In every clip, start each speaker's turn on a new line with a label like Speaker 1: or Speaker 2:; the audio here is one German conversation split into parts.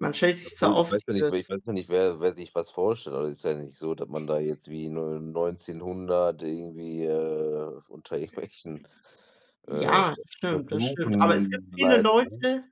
Speaker 1: Man stellt
Speaker 2: Ja
Speaker 1: sich zwar
Speaker 2: gut, ich
Speaker 1: oft
Speaker 2: weiß ja nicht, wer ich
Speaker 1: dieses
Speaker 2: weiß ja nicht, wer wer sich was vorstellt. Also, ist ja nicht so, dass man da jetzt wie in, ne, 1900 irgendwie, äh, unter irgendwelchen, äh, Ve
Speaker 1: Ja, stimmt, das stimmt. Aber es gibt
Speaker 2: Versuchen
Speaker 1: viele
Speaker 2: leidet, ne?
Speaker 1: Leute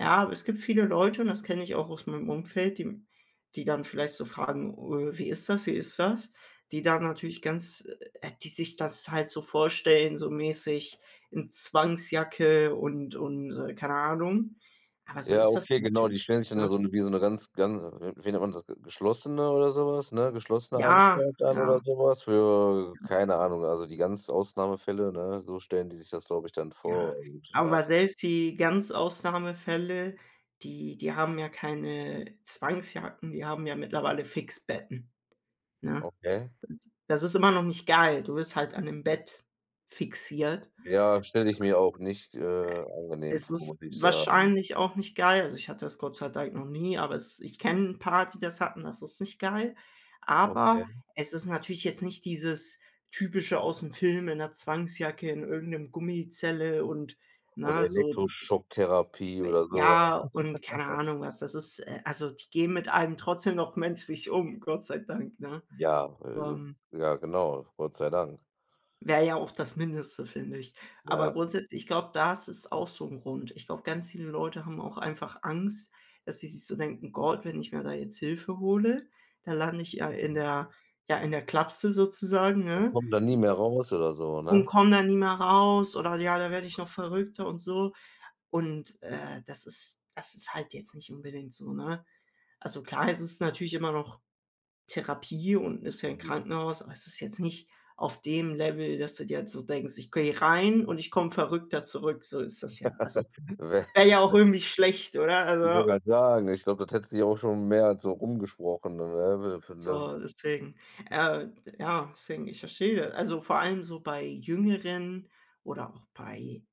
Speaker 1: ja, aber es gibt viele Leute und das kenne ich auch aus meinem Umfeld, die m die dann vielleicht so fragen: „Äh, wie ist das? Wie ist das?“ Die da natürlich ganz äh, die sich das halt so vorstellen, so mäßig in Zwangsjacke und und, äh, keine Ahnung. Aber so
Speaker 2: Ja,
Speaker 1: ist das
Speaker 2: okay, genau.
Speaker 1: natürlich
Speaker 2: Die stellen sich
Speaker 1: nicht,
Speaker 2: dann
Speaker 1: ne?
Speaker 2: so wie so 'ne ganz, ganz, äh wie nennt man das, ge geschlossene oder so was, ne, geschlossene
Speaker 1: Ja,
Speaker 2: Anstalt dann oder
Speaker 1: ja.
Speaker 2: so was für
Speaker 1: Ja.
Speaker 2: keine Ahnung, also, die ganz Ausnahmefälle, ne? So stellen die sich das, glaube ich, dann
Speaker 1: Ja,
Speaker 2: vor und, ja.
Speaker 1: aber selbst die ganz Ausnahmefälle, die die haben ja keine Zwangsjacken, die haben ja mittlerweile Fixierbetten, ne?
Speaker 2: Okay.
Speaker 1: Das das ist immer noch nicht geil. Du bist halt an 'nem Bett fixiert. Äh,
Speaker 2: Ja, stelle ich mir auch nicht, äh,
Speaker 1: e
Speaker 2: angenehm
Speaker 1: es
Speaker 2: vor, muss
Speaker 1: ist
Speaker 2: ich sagen.
Speaker 1: wahrscheinlich auch nicht geil. Also, ich hatte das Gott sei Dank noch nie, aber es ich kenne 'n paar, die das hatten. Das ist nicht geil. Aber,
Speaker 2: Okay.
Speaker 1: es ist natürlich jetzt nicht dieses Typische aus’m Film in 'ner Zwangsjacke, in irgend ’nem Gummizelle und,
Speaker 2: Und
Speaker 1: ne, so dieses
Speaker 2: Elektroschocktherapie
Speaker 1: äh,
Speaker 2: oder so
Speaker 1: ja, und keine
Speaker 2: was.
Speaker 1: Ahnung was. Das ist, äh also, die gehen mit einem trotzdem noch menschlich um, Gott sei Dank, ne?
Speaker 2: Ja, äh
Speaker 1: Ähm.
Speaker 2: ja, genau, Gott sei Dank.
Speaker 1: Wäre ja auch das Mindeste, finde ich. Aber
Speaker 2: Ja.
Speaker 1: grundsätzlich, ich glaube, das ist auch so 'n Grund. Ich glaube, ganz viele Leute haben auch einfach Angst, dass sie sich so denken: „Gott, wenn ich mir da jetzt Hilfe hole, da lande ich ja in der ja, in der Klapse sozusagen,
Speaker 2: Und
Speaker 1: ne?
Speaker 2: komme da nie mehr raus oder so,
Speaker 1: U und
Speaker 2: ne?
Speaker 1: komme da nie mehr raus.“ Oder: „Ja, da werde ich noch verrückter.“, und so. Und, äh, das ist das ist halt jetzt nicht unbedingt so, ne? Also, klar, es ist natürlich immer noch Therapie und ist ja 'n
Speaker 2: Mhm.
Speaker 1: Krankenhaus, aber es ist jetzt nicht auf dem Level, dass du dir jetzt so denkst: „Ich gehe rein und ich komme verrückter zurück.“ So ist das ja. Also,
Speaker 2: Wä
Speaker 1: wäre ja auch
Speaker 2: wä
Speaker 1: irgendwie schlecht, oder?
Speaker 2: Ich wollte
Speaker 1: Also
Speaker 2: grad sagen, ich glaube, das hätte sich auch schon mehr als so rum gesprochen, ne?
Speaker 1: so,
Speaker 2: [unintelligible]
Speaker 1: deswegen, äh, ja deswegen, ich verstehe also, vor allem so bei Jüngeren oder auch bei